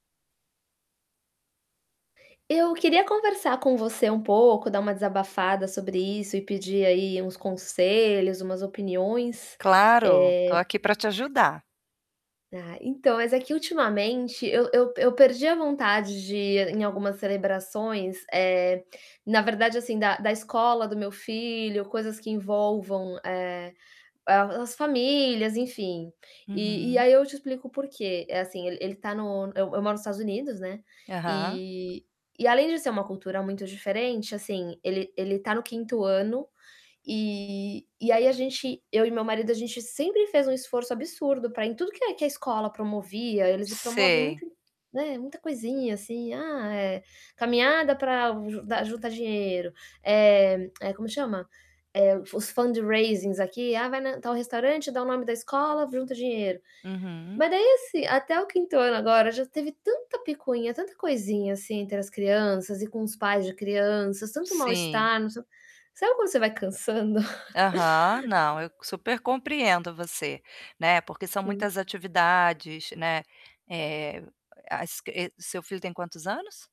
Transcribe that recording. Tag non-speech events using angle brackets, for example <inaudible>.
Eu queria conversar com você um pouco, dar uma desabafada sobre isso e pedir, aí, uns conselhos, umas opiniões, Claro, estou eh aqui para te ajudar. Ah, então, mas é que ultimamente eu eu eu perdi a vontade de ir em algumas celebrações, eh, na verdade, assim, da da escola do meu filho, coisas que envolvam, eh, as famílias, enfim. E e Uhum. aí eu te explico o porquê. É assim, ele ele está no eu eu moro no Estados Unidos, né, Aham. e e além de ser uma cultura muito diferente, assim, ele ele está no 5º ano, e e aí a gente eu e meu marido, a gente sempre fez um esforço absurdo para em tudo que é que a escola promovia. Eles promovem Sei. muita né, muita coisinha assim, ah, é, caminhada pra ju juntar dinheiro, eh, <clicks tongue> como chama? Eh, Os fundraising aqui ah, vai tal restaurante, dar o nome da escola, junta dinheiro. Uhum. Mas aí, assim, até o 5º ano agora já teve tanta picuinha, tanta coisinha, assim, entre as crianças e com os pais de crianças, tanto Sim. mal-estar. Sabe, quando você vai cansando? Aham, não, eu <chuckles> super compreendo você, né, porque são muitas Sim. atividades, né, eh, a esq seu filho tem quantos anos?